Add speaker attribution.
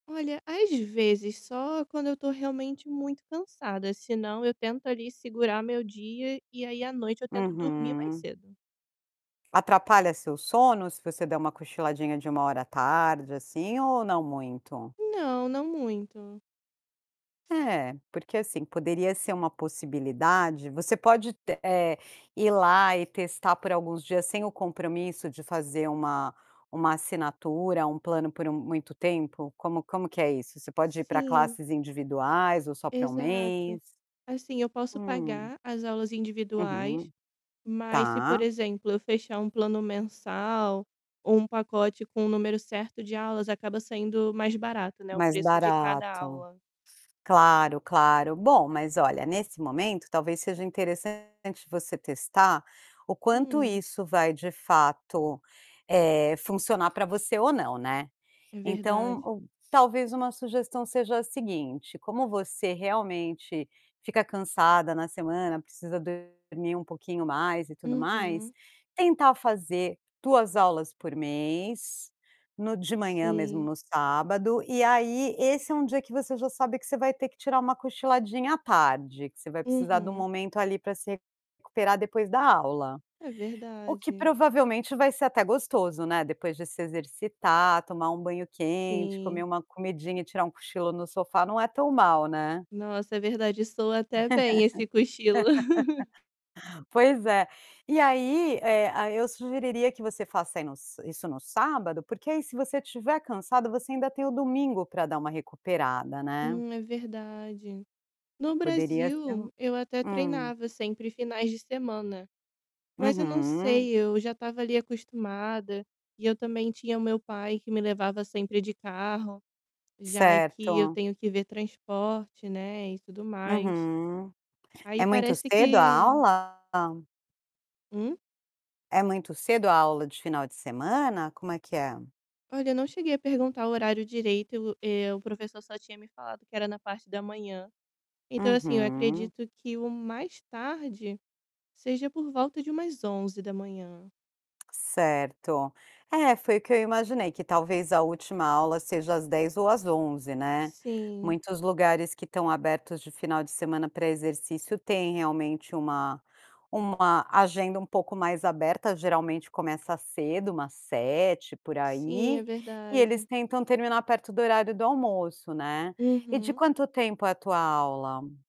Speaker 1: Olha, às vezes só quando eu estou realmente muito cansada. Senão, eu tento ali, segurar meu dia e aí, à noite, eu tento dormir mais
Speaker 2: Uhum.
Speaker 1: cedo.
Speaker 2: Atrapalha seu sono, se você der uma cochiladinha de 1 hora à tarde, assim, ou não muito?
Speaker 1: Não, não muito.
Speaker 2: É, porque, assim, poderia ser uma possibilidade. Você pode te eh, ir lá e testar por alguns dias sem o compromisso de fazer uma uma assinatura, um plano por um muito tempo? Como como que é isso? Você pode ir para
Speaker 1: Sim.
Speaker 2: classes individuais ou só para 1
Speaker 1: Exato.
Speaker 2: mês?
Speaker 1: Assim, eu posso
Speaker 2: Hum.
Speaker 1: pagar as aulas individuais,
Speaker 2: Uhum.
Speaker 1: mas, se por
Speaker 2: Tá.
Speaker 1: exemplo, eu fechar um plano mensal ou um pacote com o número certo de aulas, acaba saindo mais barato, né, o
Speaker 2: Mais
Speaker 1: preço de cada
Speaker 2: barato.
Speaker 1: aula.
Speaker 2: Claro, claro. Bom, mas olha, nesse momento, talvez seja interessante você testar o quanto
Speaker 1: Hum.
Speaker 2: isso vai, de fato, eh, funcionar pra você ou não, né.
Speaker 1: É verdade.
Speaker 2: Então, um talvez uma sugestão seja a seguinte: como você realmente fica cansada na semana, precisa dormir um pouquinho mais e tudo mais,
Speaker 1: Uhum.
Speaker 2: tentar fazer 2 aulas por mês, no de manhã mesmo,
Speaker 1: Sim.
Speaker 2: no sábado. E aí esse é um dia que você já sabe que você vai ter que tirar uma cochiladinha à tarde, que você vai precisar de um
Speaker 1: Uhum.
Speaker 2: momento ali, pra se recuperar depois da aula.
Speaker 1: É
Speaker 2: O que
Speaker 1: verdade.
Speaker 2: provavelmente vai ser até gostoso, né, depois, depois de se exercitar, tomar um banho quente, comer
Speaker 1: Sim.
Speaker 2: uma comidinha e tirar um cochilo no sofá não é tão mal, né.
Speaker 1: Nossa, é verdade, e soa até bem esse cochilo.
Speaker 2: Pois é. E aí, eh, aí eu sugeriria que você faça aí no s isso no sábado porque aí se você estiver cansado, você ainda tem o domingo pra dar uma recuperada, né.
Speaker 1: Hum, é verdade. No
Speaker 2: Poderia ser um
Speaker 1: Brasil, eu até
Speaker 2: Hum.
Speaker 1: treinava sempre finais de semana. Mas eu não
Speaker 2: Uhum.
Speaker 1: sei, eu já estava ali acostumada, e eu também tinha o meu pai que me levava sempre de carro, já aqui eu
Speaker 2: Certo.
Speaker 1: tenho que ver transporte, né, e tudo mais.
Speaker 2: Uhum.
Speaker 1: Aí
Speaker 2: É muito
Speaker 1: parece
Speaker 2: cedo a
Speaker 1: que
Speaker 2: aula?
Speaker 1: Hum?
Speaker 2: É muito cedo a aula de final de semana? Como é que é?
Speaker 1: Olha, eu não cheguei a perguntar o horário direito e o eh, o professor só tinha me falado que era na parte da manhã. Então, assim,
Speaker 2: Uhum.
Speaker 1: acredito que o mais tarde seja por volta de umas 11h.
Speaker 2: Certo. É, foi o que eu imaginei, que talvez a última aula seja às 10h ou às 11h, né.
Speaker 1: Sim.
Speaker 2: Muitos lugares que estão abertos de final de semana para exercício têm realmente uma uma agenda um pouco mais aberta. Geralmente começa cedo, umas 7h, por
Speaker 1: Sim, é
Speaker 2: aí, e eles
Speaker 1: verdade.
Speaker 2: tentam terminar perto do horário do almoço, né. E de
Speaker 1: Uhum.
Speaker 2: quanto tempo é a tua aula?